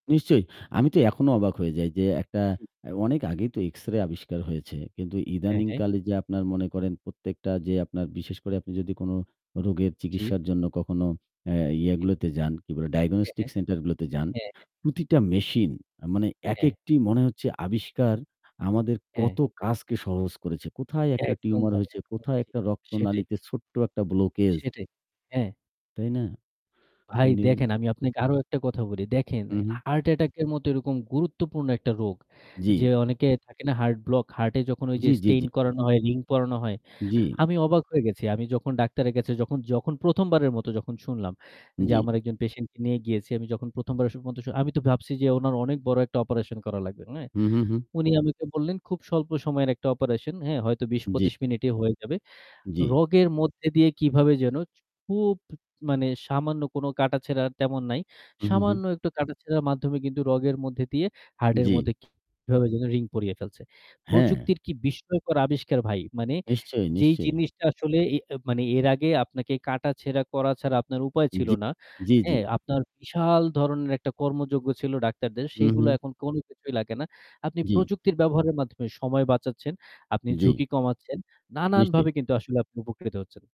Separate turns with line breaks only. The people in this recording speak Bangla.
নিশ্চয়ই। আমি তো এখনো অবাক হয়ে যাই যে একটা
জি।
আ অনেক আগেই তো X-ray আবিষ্কার হয়েছে। কিন্তু
হ্যাঁ, হ্যাঁ।
ইদানিংকালে যে আপনার মনে করেন প্রত্যেকটা যে আপনার বিশেষ করে আপনি যদি কোন রোগের
জি।
চিকিৎসার জন্য কখনো আ
জি,
ইয়ে
জি।
গুলোতে যান, কি বলে,
হ্যাঁ,
diagnostic
হ্যাঁ।
center গুলোতে যান,
হ্যাঁ, হ্যাঁ।
প্রতিটা machine মানে
হ্যাঁ।
একেকটি মনে হচ্ছে আবিষ্কার, আমাদের
হ্যাঁ।
কত কাজকে সহজ করেছে। কোথায় একটা
একদম
tumor
ভাই,
হয়েছে,
একদম
কোথায়
ঠিক।
একটা
সেটাই।
রক্তনালিতে ছোট্ট একটা blockage
সেটাই, হ্যাঁ।
তাই না?
ভাই দেখেন, আমি আপনাকে আরও একটা কথা বলি। দেখেন
হু, হু।
heart attack এর মতো এরকম গুরুত্বপূর্ণ একটা রোগ ,যে
জি।
অনেকের থাকে না heart block, heart এ যখন ওই যে
জি, জি, জি।
stent করানো হয়, ring পরানো হয়।
জি।
আমি অবাক হয়ে গেছি। আমি যখন ডাক্তারের কাছে যখন যখন প্রথমবারের মতো যখন শুনলাম যে
জি।
আমার একজন patient কে নিয়ে গিয়েছি, আমি যখন
হুম।
প্রথমবারের মতো আমি তো ভাবছি যে ওনার অনেক বড় একটা operation করা লাগবে, হ্যাঁ?
হু, হু, হু।
উনি আমাকে বললেন খুব স্বল্প সময়ের একটা operation, হ্যাঁ? হয়তো
জি।
২০-২৫ মিনিটে হয়ে যাবে।
জি।
রগের মধ্যে দিয়ে কিভাবে যেন খুব মানে সামান্য কোনো কাটাছেঁড়া তেমন নাই।
হু, হু, হু।
সামান্য একটু কাটাছেঁড়ার মাধ্যমে কিন্তু রগের মধ্যে দিয়ে heart এর
জি।
মধ্যে কিভাবে যেন ring পরিয়ে ফেলছে।
হ্যাঁ।
প্রযুক্তির কি বিস্ময়কর আবিষ্কার ভাই! মানে
নিশ্চয়ই,
যেই
নিশ্চয়ই।
জিনিসটা আসলে এ মানে এর আগে আপনাকে কাটাছেঁড়া করা ছাড়া আপনার উপায় ছিল
জি,
না।
জি, জি।
হ্যাঁ? আপনার বিশাল ধরনের একটা কর্মযোগ্য ছিল ডাক্তারদের।
হু,
সেগুলো
হু।
এখন কোনো কিছুই লাগে না। আপনি
জি।
প্রযুক্তির ব্যবহারের মাধ্যমে সময় বাঁচাচ্ছেন, আপনি
জি।
ঝুঁকি কমাচ্ছেন। নানানভাবে
নিশ্চয়ই।
কিন্তু আসলে আপনি উপকৃত হচ্ছেন।